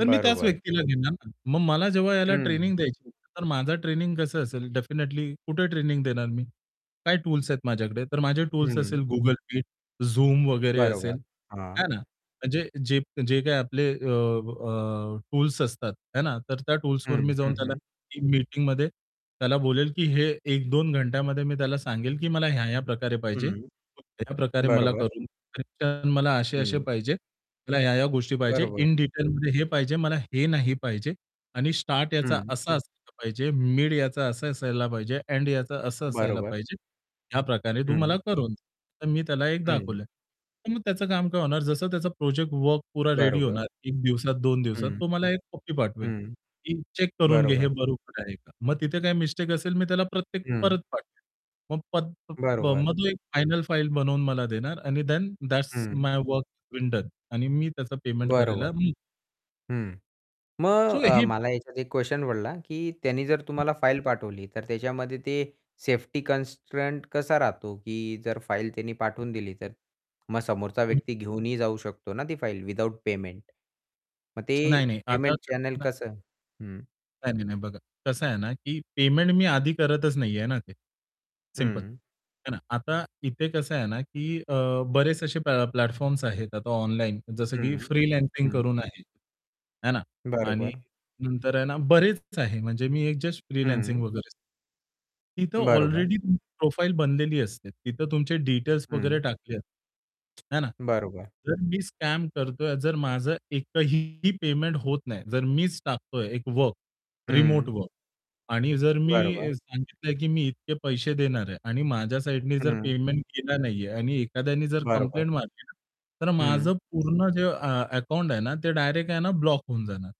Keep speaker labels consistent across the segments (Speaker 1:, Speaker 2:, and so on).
Speaker 1: तर मी त्याच
Speaker 2: बरोबर.
Speaker 1: व्यक्तीला घेणार ना. मग मला जेव्हा याला
Speaker 2: हं.
Speaker 1: ट्रेनिंग द्यायची होती, तर माझं ट्रेनिंग कसं असेल डेफिनेटली कुठे ट्रेनिंग देणार मी? काय टूल्स आहेत माझ्याकडे? तर माझे टूल्स असेल
Speaker 2: हं.
Speaker 1: Google Meet, Zoom वगैरे असेल,
Speaker 2: बरोबर, हां.
Speaker 1: है ना. म्हणजे जेप जे काही आपले अ अ, टूल्स असतात, है ना, तर त्या टूल्सवर
Speaker 2: हं.
Speaker 1: मी जाऊन
Speaker 2: हं,
Speaker 1: त्याला
Speaker 2: हं.
Speaker 1: टीम मीटिंगमध्ये त्याला बोलेल, की हे 1-2 घंट्यामध्ये मी त्याला सांगेल, की मला ह्या-ह्या प्रकारे पाहिजे.
Speaker 2: हं.
Speaker 1: मग त्याप्रकारे मला
Speaker 2: बरोबर.
Speaker 1: करून कनेक्शन मला असे-असे
Speaker 2: हं.
Speaker 1: पाहिजे. मला ह्या-ह्या गोष्टी पाहिजे,
Speaker 2: बरोबर.
Speaker 1: इन डिटेलमध्ये हे पाहिजे, मला हे नाही पाहिजे. आणि स्टार्ट याचा
Speaker 2: हं.
Speaker 1: असा असायला पाहिजे, मिड याचा असं असायला पाहिजे, एंड याचं असं असायला
Speaker 2: बरोबर.
Speaker 1: पाहिजे. ह्या प्रकारे तू मला
Speaker 2: हं.
Speaker 1: करून दे. तर मी त्याला एक
Speaker 2: हं.
Speaker 1: दाखवलं आहे. तर मग त्याचं काम काय होणार, जसं त्याचा प्रोजेक्ट वर्क पूरा रेडी
Speaker 2: बरोबर.
Speaker 1: होणार. 1 दिवसात, 2 दिवसात,
Speaker 2: हं.
Speaker 1: तो मला एक कॉपी पाठवेल,
Speaker 2: हं.
Speaker 1: की चेक करून घे, हे
Speaker 2: बरोबर.
Speaker 1: बरोबर आहे का? मग तिथे काही मिस्टेक असेल, मी त्याला प्रत्येक
Speaker 2: हं.
Speaker 1: परत पाठवेल. मग, [unintelligible]
Speaker 2: बरोबर.
Speaker 1: मग एक फायनल फाइल बनवून मला देणार आणि देन दॅट्स
Speaker 2: हं.
Speaker 1: माय वर्क बीन डन आणि मी त्याचा पेमेंट करायला
Speaker 2: बरोबर.
Speaker 1: मी
Speaker 2: हं.
Speaker 1: सो
Speaker 2: मग अ,
Speaker 1: हे
Speaker 2: मला ह्याच्यात एक क्वेशन पडला, की त्यांनी जर तुम्हाला फाइल पाठवली, तर त्याच्यामध्ये ते सेफ्टी कन्स्ट्रेंट कसा राहतो, की जर फाइल त्यांनी पाठवून दिली तर. मग समोरचा
Speaker 1: [unintelligible]
Speaker 2: व्यक्ती घेऊनही जाऊ शकतो ना ती फाइल, विदाऊट पेमेंट. मग ते
Speaker 1: नाही-नाही. आता
Speaker 2: पेमेंट चॅनेल
Speaker 1: कसं ना
Speaker 2: कसं हं.
Speaker 1: नाही, नाही, नाही बघा. कसं आहे ना, की पेमेंट मी आधी करतच नाहीये ना ते, सिम्पल.
Speaker 2: हं.
Speaker 1: आहे ना? आता इथे कसं आहे ना, की अ, बरेच असे अ, प्लॅ प्लॅटफॉर्म्स आहेत. आता ऑनलाईन जसं, की
Speaker 2: हं.
Speaker 1: फ्रीलान्सिंग
Speaker 2: हं.
Speaker 1: करून आहे, है ना. आणि
Speaker 2: बरोबर.
Speaker 1: नंतर आहे ना, बरेच आहे, म्हणजे मी एक जस्ट फ्रीलान्सिंग
Speaker 2: हं.
Speaker 1: वगैरे सां तिथं
Speaker 2: बरोबर.
Speaker 1: ऑलरेडी तुमची प्रोफाइल बनलेली असते. तिथं तुमचे डिटेल्स वगैरे
Speaker 2: हं.
Speaker 1: टाकले आहेत, आहे ना.
Speaker 2: बरोबर.
Speaker 1: जर मी स्कॅम करतोय, जर माझं एक एकही पेमेंट होत नाही, जर मीच टाकतोय एक वर्क, रिमोट
Speaker 2: हं.
Speaker 1: वर्क. आणि जर मी
Speaker 2: बरोबर.
Speaker 1: अ, सांगितलं, की मी इतके पैसे देणार आहे. आणि माझ्या साइडनी जर
Speaker 2: हं.
Speaker 1: पेमेंट केला नाहीये आणि एखाद्याने जर
Speaker 2: बरोबर.
Speaker 1: कंप्लेंट मारली ना, तर
Speaker 2: हं.
Speaker 1: माझं पूर्ण जे अ अकाउंट आहे ना, ते डायरेक्ट आहे ना, ब्लॉक होऊन जाणार.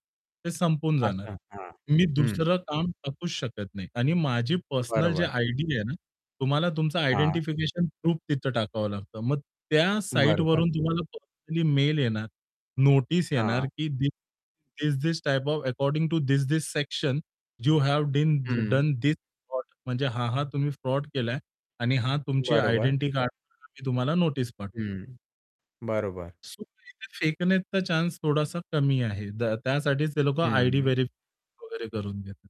Speaker 1: ते संपून जाणार.
Speaker 2: असं. हां,
Speaker 1: मी
Speaker 2: हं.
Speaker 1: दुसरं काम टाकूच शकत नाही आणि माझी पर्सनल जे
Speaker 2: बरोबर.
Speaker 1: आयडी आहे ना, तुम्हाला तुमचं
Speaker 2: हां.
Speaker 1: आयडेंटिफिकेशन प्रूफ तिथं टाकावं लागतं. मग त्या
Speaker 2: बरोबर.
Speaker 1: साइटवरून तुम्हाला पर्सनली मेल येणार, नोटीस येणार,
Speaker 2: हां.
Speaker 1: की the this this type of, according to this this section, you have been
Speaker 2: hmm.
Speaker 1: Done the this fraud. म्हणजे हां, हां तुम्ही फ्रॉड केलाय आणि हां, तुमची
Speaker 2: बरोबर.
Speaker 1: आयडेंटिटी कार्डवरती तुम्हाला नोटीस पाठवतो.
Speaker 2: हं, बरोबर.
Speaker 1: सो इथं फेकण्याचा चान्स थोडासा कमी आहे. द त्यासाठीच ते लोकं
Speaker 2: हं,
Speaker 1: आयडी
Speaker 2: हं.
Speaker 1: व्हेरिफाय वगैरे करून घेतात.